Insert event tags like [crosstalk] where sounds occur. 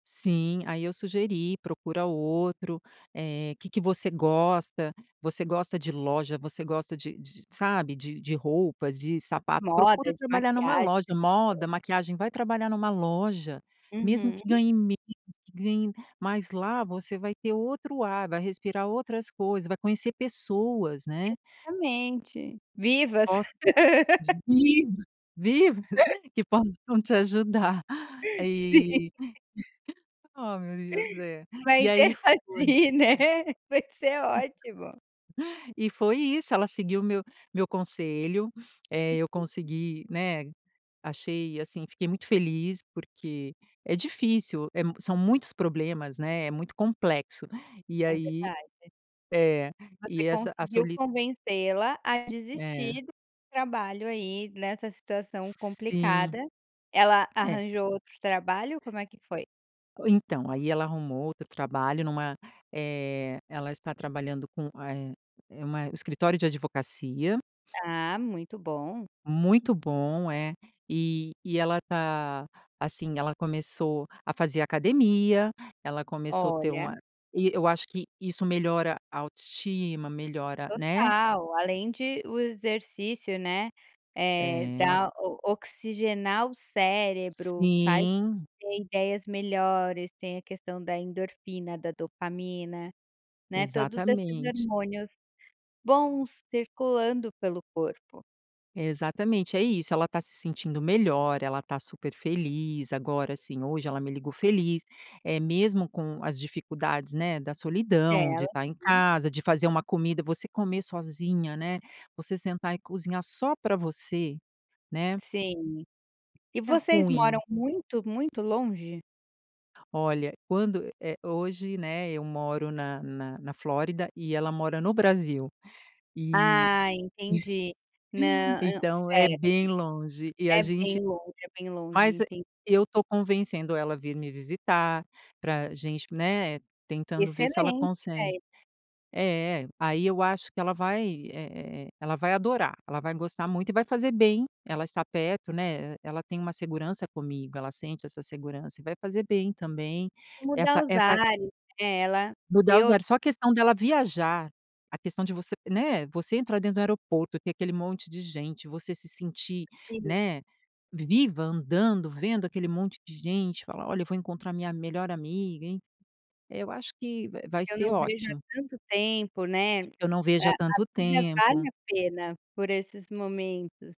Sim, aí eu sugeri, procura outro. Eh, que que você gosta? Você gosta de loja? Você gosta de de, sabe, de de roupas? De De sapato? moda, Procura de trabalhar numa maquiagem. loja moda, maquiagem, vai trabalhar numa loja. Mesmo Uhum. que ganhe menos, que ganhe mas, lá você vai ter outro ar, vai respirar outras coisas, vai conhecer pessoas, né. Exatamente. Vivas. Posta. [laughs] Vivas, vivas que possam te ajudar. Sim. Eh. [laughs] Oh meu Deus! É. Vai E aí foi interagir, né. Vai ser ótimo. [unintelligible] E foi isso. Ela seguiu o meu meu conselho. [sniffs] Eh, eu consegui, né. Achei, assim fiquei muito feliz, porque é difícil. É mu são muitos problemas, né, é muito complexo. E É aí verdade. É e Você essa a conseguiu soli convencê-la a É. desistir do trabalho aí nessa situação Sim. complicada. Ela É. arranjou outro trabalho, como é que foi? Então, aí ela arrumou outro trabalho numa eh. Ela está trabalhando com a eh eh uma escritório de advocacia. Ah, muito bom. Muito bom é. E e ela tá, assim, ela começou a fazer academia, ela começou ter Olha. uma e eu acho que isso melhora a autoestima, melhora, né Total, além de o exercício, né. Eh, É. dá o oxigenar o cérebro, faz Sim. ter ideias melhores, tem a questão da endorfina, da dopamina. Né, todos esses Exatamente. hormônios bons circulando pelo corpo. Exatamente, é isso, ela tá se sentindo melhor, ela tá super feliz. Agora, assim, hoje ela me ligou feliz, eh, mesmo com as dificuldades, né, da solidão, de tá em [unintelligible] Sim. casa, de fazer uma comida, você comer sozinha, né, você sentar e cozinhar só pra você. Né. Sim. E É vocês moram ruim. muito, muito longe? Olha, quando é hoje, né, eu moro na na na Flórida e ela mora no Brasil. Eh. Ah, entendi. [chuckles] Nã hã Então, é certo. bem longe e a É gente bem longe, é bem longe. mas é Entendi. eu tô convencendo ela vir me visitar, pra gente né, tentando ver se ela Excelente consegue ideia. É, aí eu acho, que ela vai, é é é ela vai adorar, ela vai gostar muito e vai fazer bem, ela está perto né, ela tem uma segurança comigo, ela sente essa segurança e vai fazer bem também, E mudar essa os essa ares, eh, ela Mudar ver os outra ares. Só a questão dela viajar, a questão de você né, você entrar dentro do aeroporto e ter aquele monte de gente, você se sentir, Sim. né, vi viva, andando, vendo aquele monte de gente falar: "Olha eu vou encontrar minha melhor amiga", enfim, eu acho que, va vai "Eu ser não vejo há ótimo. tanto tempo, né", Eu não vejo a há a tanto vida vale tempo. a pena, por esses momentos.